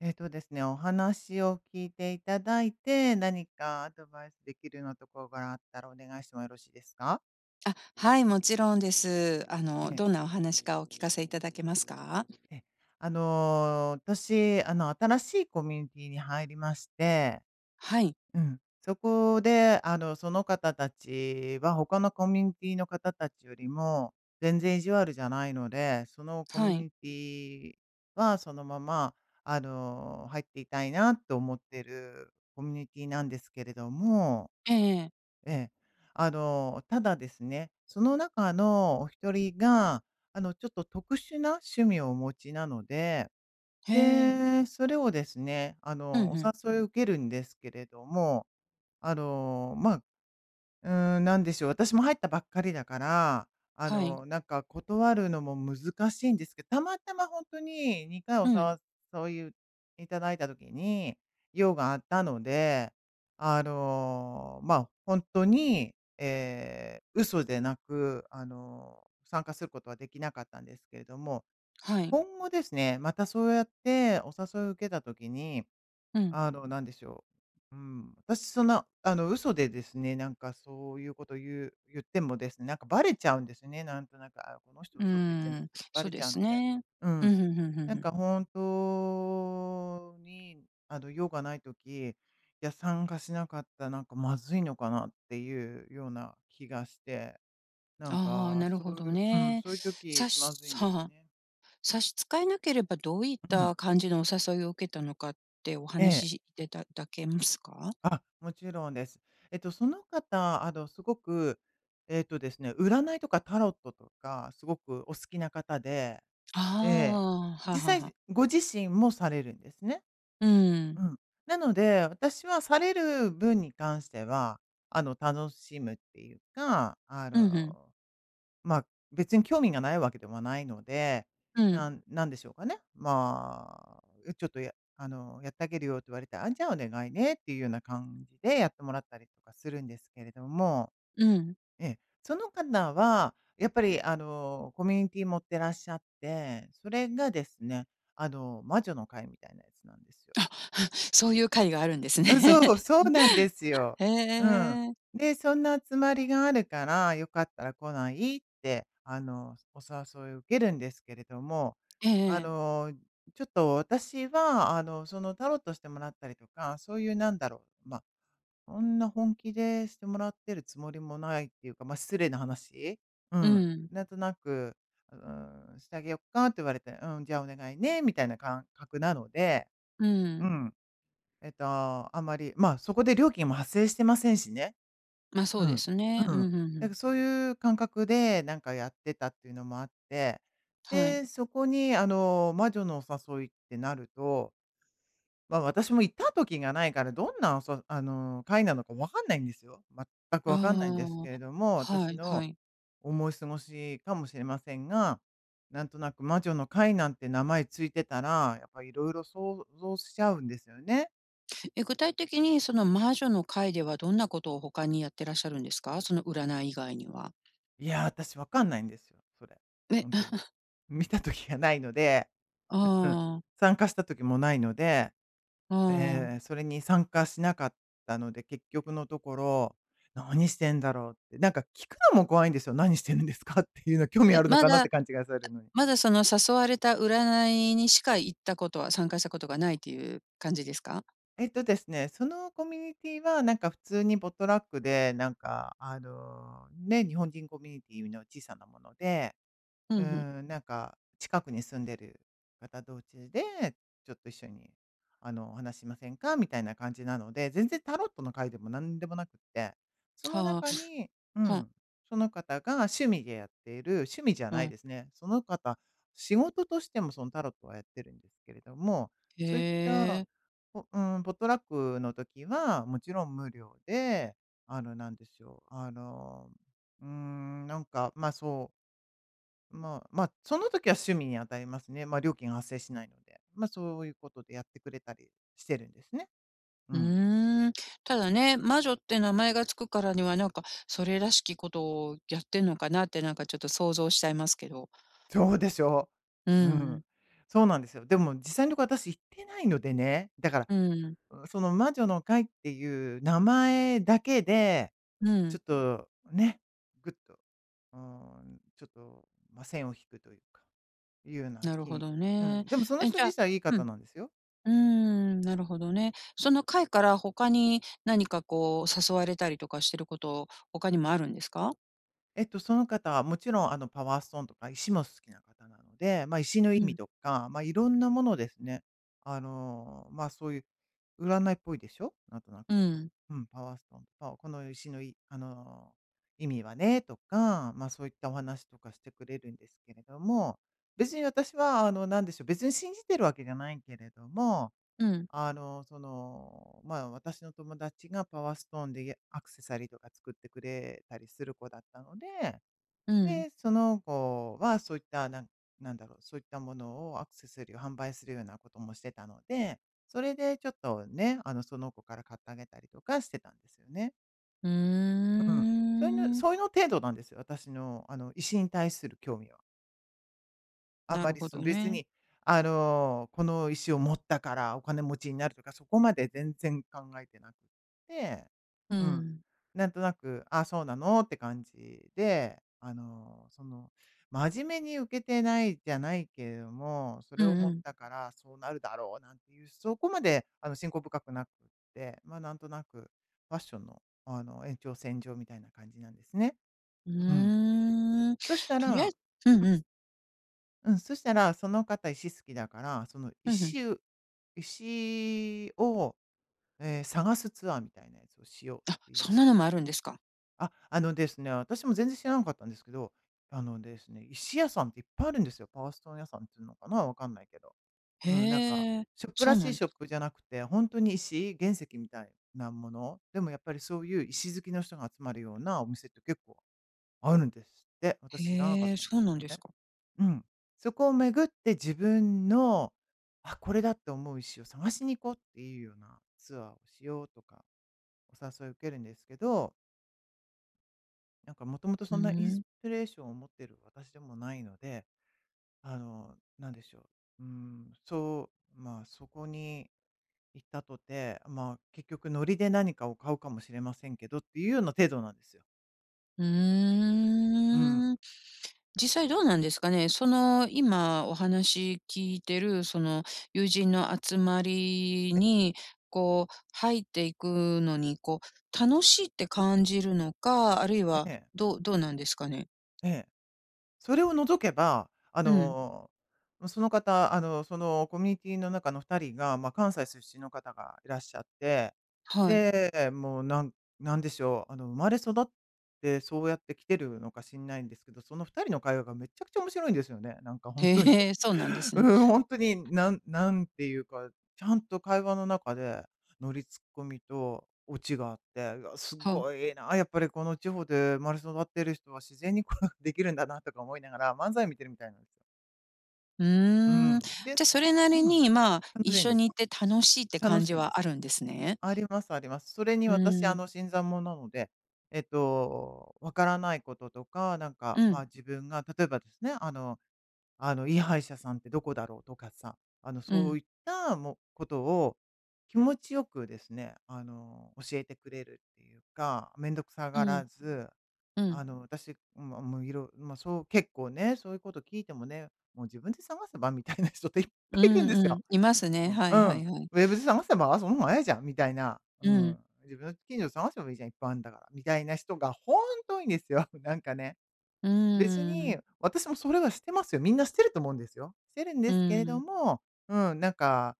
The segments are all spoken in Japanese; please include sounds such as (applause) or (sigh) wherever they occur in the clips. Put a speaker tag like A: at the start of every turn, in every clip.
A: えっとですね、お話を聞いていただいて、何かアドバイスできるようなところがあったらお願いしてもよろしいですか？
B: あ、はい、もちろんです。あの、
A: ええ。
B: どんなお話か、お聞かせいただけますか？
A: ええ。あの、私、あの、新しいコミュニティに入りまして。
B: はい。
A: うん、そこであの、その方たちは他のコミュニティの方たちよりも、全然意地悪じゃないので、そのコ
B: は
A: ミュ
B: い。
A: ニティはそのまま、あの、入っていたいなと思ってるコミュニティなんですけれども。
B: ええええ。
A: ええ。あの、ただですね、その中のお1人が、あの、ちょっと特殊な趣味をお持ちなので、
B: へえ。
A: で、それをですね、あ
B: うん、
A: の、お
B: ふん。
A: 誘い受けるんですけれども、あの、ま、うーん、なんでしょう、私も入ったばっかりだから、あ
B: はい。
A: の、なんか断るのも難しいんですけたまたまほんとに、2回お
B: うん。
A: 誘い頂いた時に、用があったので、あの、ま、ほんとに、ええ、嘘でなく、あの、参加することはできなかったんですけれども、
B: はい。
A: 今後ですね、またそうやってお誘いを受けた時に、
B: うん。
A: あの、なんでしょう、うん、私そんな、あの、嘘でですね、なんかそういうこと言う言ってもですね、なんかバレちゃうんですね、なんとなく、「あ、この人
B: うー
A: 嘘ついてんだ」っ
B: ん。
A: てバ
B: そ
A: レち
B: で
A: ゃう
B: す
A: ので。
B: ね。
A: う
B: う
A: ん、
B: ん、ふんふんふん
A: なん
B: ふん。
A: か本当に、あの、用がない時、いや、参加しなかった、なんかまずいのかなっていうような気がして。な
B: あ
A: ん
B: あ、はあ、
A: か、
B: なる
A: そ
B: ほ
A: うい
B: ど
A: ううん、
B: ね。
A: そういう時、
B: さ
A: 気
B: し
A: まずいんで
B: はあ
A: す
B: はあ。
A: ね。
B: 差し支えなければ、どういっ
A: うん。
B: た感じのお誘いを受けたのかってお
A: ええ。
B: 話しでだだけますか？
A: あ、もちろんです。えっと、その方、あの、すごく、えっとですね、占いとかタロットとかすごくお好きな方で、
B: あ、
A: ええ、
B: はあ。はあはあ
A: 実
B: はあ。
A: 際ご自身もされるんですね。
B: うんうん。
A: うん。なので、私はされる分に関しては、あの、楽しむっていうか、あ
B: うん、ふん。
A: の、ま、別に興味がないわけではないので、
B: うん。
A: なんなんでしょうかね。まあ、う、ちょっと、やあの、「やったげるよ」って言われたら「あん、じゃあお願いね」っていうような感じでやってもらったりとかするんですけれども。
B: うん。
A: ええ。その方はやっぱり、あの、コミュニティ持ってらっしゃって、それがですね、あの、「魔女の会」みたいなやつなんですよ。
B: あ、(exhales) そういう会があるんですね。
A: うん、そう。
B: (chuckles)
A: そうなんですよ。
B: へ
A: うん。
B: え。
A: で、「そんな集まりがあるから、良かったら来ない？」って、あの、お誘い受けるんですけれども、
B: ええ
A: あ
B: ええ。
A: の、ちょっと私は、あの、その、タロットしてもらったりとか、そういうなんだろう、ま、そんな本気でしてもらってるつもりもないっていうか、ま、失礼な話。う
B: う
A: ん、
B: ん。
A: なんとなく、うーん、「してあげよっか？」って言われて、「うん、じゃあお願いね」みたいな感覚なので。
B: う
A: う
B: ん。
A: ん。えっと、あんまり、まあ、そこで料金も発生してませんしね。
B: ま、そ
A: う
B: うで
A: ん。
B: すね。
A: う
B: う
A: ん。
B: ん、ふんふ
A: なん
B: ん。
A: かそういう感覚でなんかやってたっていうのもあって。
B: はい。
A: で、そこに、あの、魔女のお誘いってなると、ま、私も行った時がないから、どんなそあの、会なのか分かんないんですよ。全く
B: あ
A: 分かんないんです
B: あ。
A: けれども、
B: は
A: 私
B: いは
A: の
B: い。
A: 思い過ごしかもしれませんが、なんとなく、「魔女の会」なんて名前ついてたら、やっぱ色々想像しちゃうんですよね。
B: え、具体的にその魔女の会では、どんなことを他にやってらっしゃるんですか？その占い以外には。
A: いや、私わかんないんですよ、それ。
B: え、
A: ほんとに。
B: (chuckles)
A: 見た時がないので。
B: あ
A: ううん。
B: あああ。
A: 参加した時もないので。
B: ああ
A: ええ
B: ああ。
A: ええ、それに参加しなかったので、結局のところ、何してんだろうって、なんか聞くのも怖いんですよ、何してるんですかっていうの、興味
B: え、
A: あるの
B: ま
A: かなっ
B: だ、
A: て勘違いされるのに。
B: まだその誘われた占いにしか行ったことは参加したことがないという感じですか？
A: えっとですね、そのコミュニティはなんか普通にポットラックで、なんか、あの、ね、日本人コミュニティの小さなもので。
B: ふ
A: う
B: んふん。
A: ーん、なんか、近くに住んでる方同士で、「ちょっと一緒に、あのお話しませんか？」みたいな感じなので、全然タロットの会でも何でもなくって。その
B: はあ、
A: 中に、う
B: ふん。
A: ん、その方が趣味でやっている趣味じゃ
B: う
A: ない
B: ん。
A: ですね、その方、仕事としてもそのタロットはやってるんですけれども。そういっ
B: へ
A: た、
B: え。
A: ポうーん、ポットラックの時はもちろん無料で、あの、なんでしょう、あの、うーんなんか、まあ、そうまあ、ま、その時は趣味に当たりますね。まあ、料金発生しないので。まあ、そういうことでやってくれたりしてるんですね。うん。
B: うん。ただね、魔女って名前が付くからにはなんか、それらしきことをやってんのかなって、なんかちょっと想像しちゃいますけど。
A: そうでしょ
B: うん
A: う。う
B: うん。
A: ん。そうなんですよ。でも実際のとこ、私行ってないのでね、だから、
B: うん。
A: うその魔女の会っていう名前だけで、
B: う
A: ちょ
B: ん。
A: っとね、ぐっと、うーん、ちょっと、ま、線を引くというかいうような
B: なる
A: 気
B: ほ
A: に、
B: ど
A: う
B: ね。
A: ん。でもその
B: え、じ
A: 人
B: ゃ
A: 自体いい
B: うん。
A: 方なんですよ。
B: うーん、なるほどね。その会から他に、何かこう、誘われたりとかしてること、他にもあるんですか？
A: えっと、その方はもちろん、あの、パワーストーンとか石も好きな方なので、ま、石の意
B: う
A: 味
B: ん。
A: とか、ま、いろんなものをですね、あの、ま、そういう占いっぽいでしょ？なんとな
B: う
A: く。
B: ーん。
A: うん、パワーストーンと、この石のいあの、意味はねとか、ま、そういったお話とかしてくれるんですけれども、別に私は、あのなんでしょう、別に信じているわけじゃないけれども、
B: うん。
A: あの、その、ま、私の友達がパワーストーンでやアクセサリーとか作ってくれたりする子だったので、
B: うん。
A: で、その子はそういった、なんなんだろう、そういったものをアクセサリーを販売するようなこともしてたので、それでちょっとね、あの、その子から買ってあげたりとかしてたんですよね。
B: うー
A: ううん、そういうの
B: ん。
A: そういうの程度なんですよ、私の、あの、石に対する興味は。あ
B: な
A: ま
B: る
A: り、
B: ほ
A: その、
B: ど
A: 別
B: ね。
A: に、あの、この石を持ったからお金持ちになるとか、そこまで全然考えてなくって、
B: う
A: うん。
B: ん。
A: なんとなく、ああ、そうなのって感じで、あの、その、真面目に受けてないじゃないけれども、そ
B: う
A: れを
B: ん
A: 持っ
B: うん。
A: たからそうなるだろうなんていう、そこまであの、信仰深くなくって、ま、なんとなく、ファッションの、あの、延長線上みたいな感じなんですね。
B: う
A: ううん。
B: ーん。
A: そした
B: とり
A: ら、
B: あえ
A: ん
B: うんうん。
A: うん、そしたら、その方石好きだから、その、
B: ふんふん。
A: 石う石を、ええ、探すツアーみたいなやつをしよ
B: あ、
A: うってい
B: そ
A: う。
B: んなのもあるんですか。
A: あ、あのですね、私も全然知らなかったんですけど、あのですね、石屋さんっていっぱいあるんですよ。パワーストーン屋さんつうのかな、わかんないけど。うん、なんか
B: へえ、
A: ショップ
B: そ
A: ら
B: う
A: し
B: な
A: い
B: んで
A: ショ
B: す
A: ッ
B: か。
A: プじゃなくて、ほんとに石、原石みたいなもの、でもやっぱりそういう石好きの人が集まるようなお店って、結構あるんですって。私知らなかっ
B: へえ、
A: たんで
B: そ
A: す
B: う
A: け
B: な
A: ど
B: んです
A: ね。
B: か。
A: うん。そこを巡って自分の、「あ、これだ」って思う石を探しに行こうっていうようなツアーをしようとか、お誘い受けるんですけどなんかもともと、
B: う
A: そんなインス
B: ん。
A: ピレーションを持ってる私でもないので、あの、なんでしょう、うーん、そう、まあ、そこに行ったとて、まあ、結局ノリで何かを買うかもしれませんけどっていうような程度なんですよ。
B: う
A: うん。
B: ーん、実際どうなんですかね。その、今お話聞いてるその、友人の集まり
A: え。
B: にこう入っていくのに、こう、楽しいって感じるのか、あるい
A: え
B: は
A: ええ。
B: どどうなんですかね？
A: ええ。それを除けば、あ
B: うん。
A: の、ま、その方、あの、そのコミュニティの中の2人が、ま、関西出身の方がいらっしゃって。
B: はい。
A: で、もうなんなんでしょう、あの、生まれ育ってそうやってきてるのか知んないんですけど、その2人の会話がめっちゃくちゃ面白いんですよね。なんかほんとに。
B: へえ、そうなんです
A: う
B: ね。
A: んうん、ほんとに、なんなんていうか、ちゃんと会話の中で、ノリツッコミとオチがあって、「わ、す
B: はあ。
A: ごいな、やっぱりこの地方で生まれ育ってる人は自然にこうできるんだな」とか思いながら、漫才見てるみたいなん...
B: う
A: う
B: ーん。
A: ん。で
B: じゃ、
A: す。
B: それな
A: う
B: り
A: ん。
B: に、まあ、
A: 楽
B: 一
A: しいん
B: 緒
A: です。
B: にいて楽しいって
A: 楽
B: 感
A: し
B: じ
A: いんで
B: はあ
A: す。
B: るんですね。
A: ありますあります。それに
B: うん
A: 私、
B: う
A: あ
B: ん。
A: の、新参者なので、えっと分からないこととか、なん
B: う
A: か、ま
B: ん。
A: あ、自分が、例えばですね、あのあの、いい歯医者さんってどこだろうとかさ、あの、
B: う
A: そ
B: ん。
A: ういった、もう、ことを、気持ちよくですね、あの、教えてくれるっていうか、めんどくさ
B: う
A: が
B: ん。
A: らず、
B: うん。
A: あの、私、ん、ま、もう、いろま、そう、結構ね、そういうこと聞いてもね、「もう、自分で探せば」みたいな人って、いっぱ
B: う
A: いいるん
B: ん
A: です
B: うん、
A: よ。
B: いますね。
A: うん、
B: は
A: う
B: い
A: ん、
B: はいはい。
A: 「ウェブで探せば、その方が早いじゃん」みたいな。う
B: うん。
A: ん。「自分の近所で探せばいいじゃん、いっぱいあんだから」、みたいな人がほんと多いんですよ。なんかね。
B: うー
A: 別
B: ん、う
A: に、
B: ん。
A: 私もそれはしてますよ。みんなしてると思うんですよ。してるん
B: う
A: ですけれど
B: ん。
A: も、うん、なんか、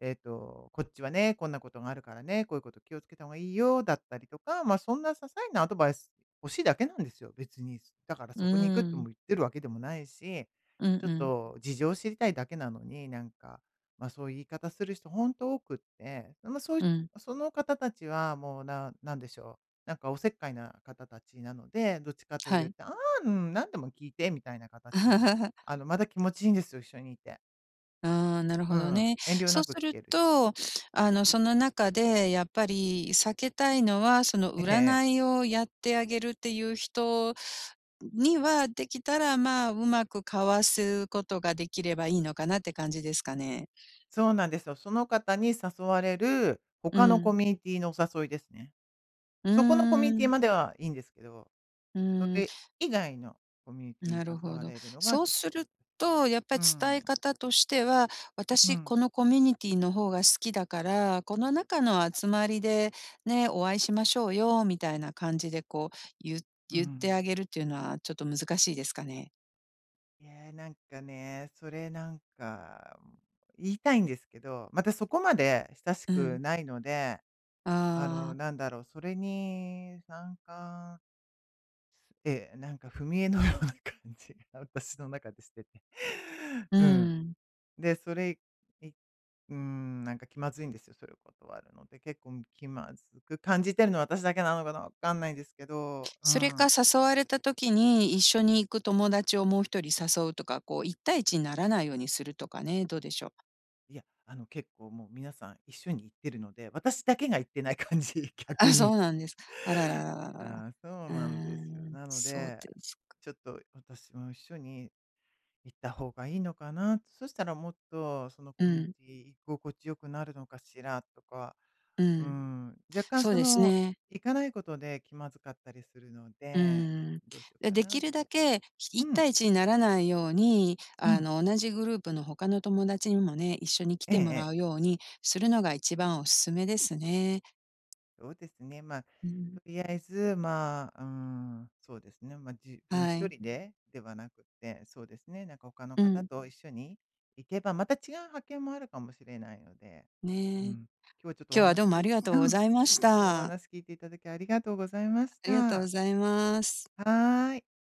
A: えっと、「こっちはね、こんなことがあるからね、こういうこと気を付けた方がいいよ」、だったりとか、ま、そんな些細なアドバイス欲しいだけなんですよ、別に。だから
B: うん、
A: そこに行く
B: う
A: とも
B: ん。
A: 言ってるわけでもないし、
B: うん
A: ちょっ
B: うん。
A: と事情知りたいだけなのに、なんか、ま、そういう言い方する人ほんと多くって。ま、そういう
B: うん。
A: その方達は、もうななんでしょう、なんかお節介な方達なので、どっちかと
B: は
A: いう
B: い。
A: と、「ああ、うん、何でも聞いて」みたいなかたちなの。あ
B: (laughs)
A: の、まだ気持ちいいんですよ、一緒にいて。
B: ああ、なるほ
A: う
B: ど
A: ん、
B: ね。
A: 遠慮
B: そう
A: なく
B: す
A: 聞
B: る
A: けるし。
B: と、あのその中でやっぱり避けたいのは、その
A: ええええ。
B: 占いをやってあげるっていう人にはできたらまあ、うまく躱すことができればいいのかなって感じですかね。
A: そうなんですよ。その方に誘われる
B: う
A: 他の
B: ん。
A: コミュニティのお誘いですね。
B: う
A: そこのコミ
B: ー
A: ュニティ
B: ん。
A: まではいいんですけど、
B: う
A: そ
B: ーん。
A: れ以外のコミュニティに
B: なる
A: 誘
B: ほ
A: わ
B: ど。
A: れるのが
B: そう
A: ちょっ
B: す
A: と...
B: ると、やっ
A: う
B: ぱ
A: ー
B: 伝え
A: ん。
B: 方としては、
A: う
B: 私
A: ん。
B: このコミュニティの方が好きだから、この中の集まりで、ね、お会いしましょうよみたいな感じでこう、ゆ
A: う
B: 言って
A: ん。
B: あげるっていうのはちょっと難しいですかね。
A: いや、なんかね、それなんか言いたいんですけど、まだそこまで親し
B: うん。
A: くないので、あ
B: あ
A: の
B: あ。
A: なんだろう、それに参加ええ、なんか踏み絵のような感じが私の中でしてて。
B: う
A: うん。
B: ーん。
A: で、それいうーん、なんか気まずいんですよ、そういうことはあるので、結構気まずく感じてるのは私だけなのかな、わかんないですけど、う
B: それか
A: ん。
B: 誘われた時に、一緒に行く友達をもう1人誘うとか、こう1対1にならないようにするとかね、どうでしょう。
A: いや、あの結構もう皆さん一緒に行ってるので、私だけが行ってない感じ、逆
B: あ、そ
A: に。
B: うなんです、あらららららら、
A: ああ、そう
B: うー
A: なんですよ。
B: ん、
A: なの
B: そう
A: で、
B: ですか。
A: ちょっと私も一緒に行った方がいいのかな、そしたらもっとその
B: う
A: コミュニ
B: ん。
A: ティ居心地良くなるのかしらとか、
B: う
A: うー
B: ん、
A: ん、若干
B: そう
A: そ
B: です
A: の
B: ね。
A: 行かないことで気まずかったりするの
B: う
A: で、
B: ーん。
A: どうしようか
B: で
A: な
B: き
A: っ
B: るだ
A: て
B: けいっ
A: うん。
B: たいいちにならないように、
A: う
B: あ
A: ん。
B: の同じグループの他の友達にもね、一緒に来
A: ええ
B: てもら
A: ええ。
B: うようにするのが一番おすすめですね。
A: そうですね。まあ
B: うん。
A: とりあえずまあ、うーん、そうですね、ま、自分
B: は
A: 一
B: い。
A: 人でではなくて、そうですね、なんか他の
B: う
A: 方
B: ん。
A: と一緒に行けばまた違う発見もあるかもしれないのでうん、
B: ね、今
A: 今日はちょっとお
B: 日はど
A: 話
B: うもあ
A: き
B: りが
A: う
B: とう
A: ん、
B: ご
A: 今
B: ざいまし
A: 日お
B: た。
A: 話聞いていただきありがとうございまし
B: ありがとうご
A: た。
B: ざいます。
A: はい。